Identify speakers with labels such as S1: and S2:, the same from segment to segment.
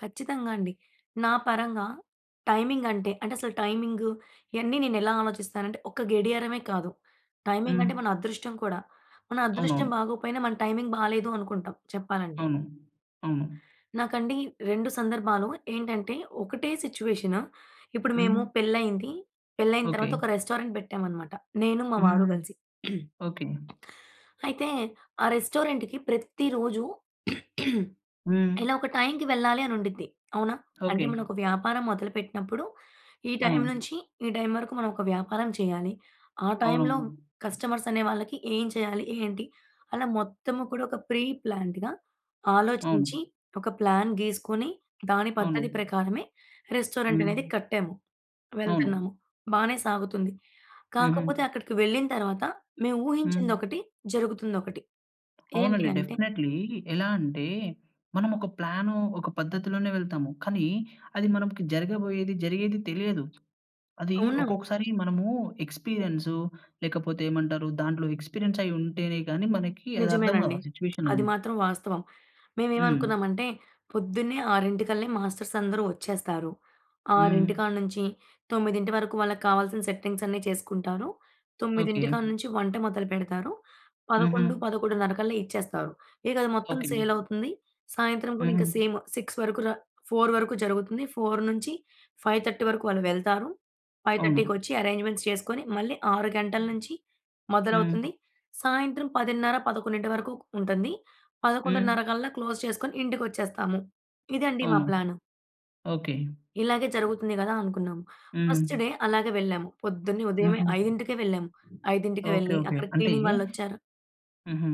S1: కచ్చితంగా అండి. నా పరంగా టైమింగ్ అంటే, అంటే అసలు టైమింగ్ ఇయన్నీ నేను ఎలా ఆలోచిస్తానంటే, ఒక గడియారమే కాదు. టైమింగ్ అంటే
S2: హ్మ్.
S1: మన అదృష్టం కూడా. మన అదృష్టం
S2: అవునవును.
S1: బాగోకపోయినా మన టైమింగ్ బాలేదు అనుకుంటాం చెప్పాలంటే.
S2: అవును. అవును.
S1: నాకండి రెండు సందర్భాలు. ఏంటంటే ఒకటే సిట్యుయేషన్. ఇప్పుడు మేము
S2: హ్మ్.
S1: పెళ్లయింది. పెళ్లయిన
S2: ఓకే.
S1: తరువాత, ఒక రెస్టారెంట్ పెట్టామన్నమాట నేను, మా
S2: హ్మ్,
S1: వారు
S2: హ్మ్.
S1: కలిసి.
S2: ఓకే.
S1: అయితే, ఆ రెస్టారెంట్‌కి ప్రతి రోజు
S2: హ్మ్.
S1: ఇలా ఒక టైమ్‌కి వెళ్ళాలి అని ఉండిద్ది. అవునా? అంటే
S2: ఓకే.
S1: మనం ఒక వ్యాపారం మొదలు పెట్టినప్పుడు, ఈ టైమ్
S2: అవును.
S1: నుంచి ఈ టైమ్ వరకు మనం ఒక వ్యాపారం చేయాలి. ఆ టైమ్‌‌లో
S2: అవునవును.
S1: కస్టమర్స్ అనే వాళ్ళకి ఏం చేయాలి, ఏంటి, అలా మొత్తం కూడా ఒక ప్రీ ప్లాన్డ్‌గా ఆలోచించి,
S2: అవును.
S1: ఒక ప్లాన్ గీసుకొని, దాని పద్ధతి
S2: అవును.
S1: ప్రకారమే రెస్టారెంట్ అనేది
S2: హ్మ్.
S1: కట్టాము.
S2: అవును.
S1: వెళ్తున్నాము. బానే సాగుతుంది. కాకపోతే,
S2: హుహు.
S1: అక్కడికి వెళ్ళిన తర్వాత మేము
S2: హ్మ్.
S1: ఊహించిందొకటి, జరుగుతుందొకటి. ఏంటి
S2: అవునండి.
S1: అంటే
S2: డెఫినెట్లీ. ఎలా అంటే మనం ఒక ప్లాను, ఒక పద్ధతిలోనే వెళ్తాము. కానీ, అది మనకి జరగబోయేది, జరిగేది తెలియదు. అది
S1: అవునం
S2: ఒక్కొక్కసారి మనము ఎక్స్పీరియన్సు లేకపోతే ఏమంటారు? దాంట్లో ఎక్స్పీరియన్స్ అయ్యి ఉంటేనే కానీ, మనకి అదర్థం కాదు
S1: నిజమేనండి.
S2: ఆ సిట్యుయేషన్
S1: అది
S2: అనేది.
S1: మాత్రం వాస్తవం.
S2: హ్మ్.
S1: మేమేమనుకున్నామంటే, పొద్దున్నే 6 కల్లా మాస్టర్స్ అందరూ వచ్చేస్తారు, 6
S2: హ్మ్.
S1: కాడ నుంచి 9 వరకు వాళ్ళకావాల్సిన సెట్టింగ్స్ అన్నీ చేసుకుంటారు. 9
S2: ఓకే.
S1: కాడ నుంచి వంట మొదలు పెడతారు, పదకొండు
S2: హుహు.
S1: పదకొండున్నర కల్లా ఇచ్చేస్తారు. ఇక అది మొత్తం
S2: ఓకే.
S1: సేల్ అవుతుంది. సాయంత్రం కూడా ఇంకా
S2: హుహు.
S1: సేమ్ 6 వరకు‌ ర 4 వరకు జరుగుతుంది. 4- 5:30 వరకు వాళ్ళు వెళ్తారు. ఫైవ్
S2: అవును.
S1: థర్టీకొచ్చి అరేంజ్మెంట్స్ చేసుకొని, మళ్ళీ 6 గంటల నుంచి
S2: హ్మ్.
S1: మొదలవుతుంది. సాయంత్రం 10:30, 11 వరకు ఉంటుంది.
S2: హ్మ్.
S1: 11:30 కల్లా క్లోజ్ చేసుకొని ఇంటికొచ్చేస్తాము. ఇదండి మా
S2: అవును.
S1: ప్లాన్.
S2: ఓకే.
S1: ఇలాగే జరుగుతుంది కదా అనుకున్నాం. ఫస్ట్ డే
S2: హ్మ్.
S1: అలాగే వెళ్ళాము. పొద్దున్నే ఉదయమే,
S2: హుహు.
S1: 5కే వెళ్ళాము. 5కే
S2: ఓకే.
S1: వెళ్లి
S2: ఓకే.
S1: అక్కడ
S2: అంటే
S1: క్లీనింగ్ వాళ్ళొచ్చార
S2: హుహు.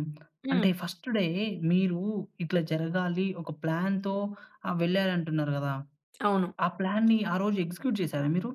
S1: హ్మ్.
S2: అంటే, ఫస్ట్ డే మీరు ఇట్లా జరగాలి, ఒక ప్లాన్‌తో ఆహ్, వెళ్లారంటున్నారు కదా!
S1: అవును.
S2: ఆ ప్లాన్‌ని ఆ రోజు ఎగ్జిక్యూట్ చేసారా మీరు?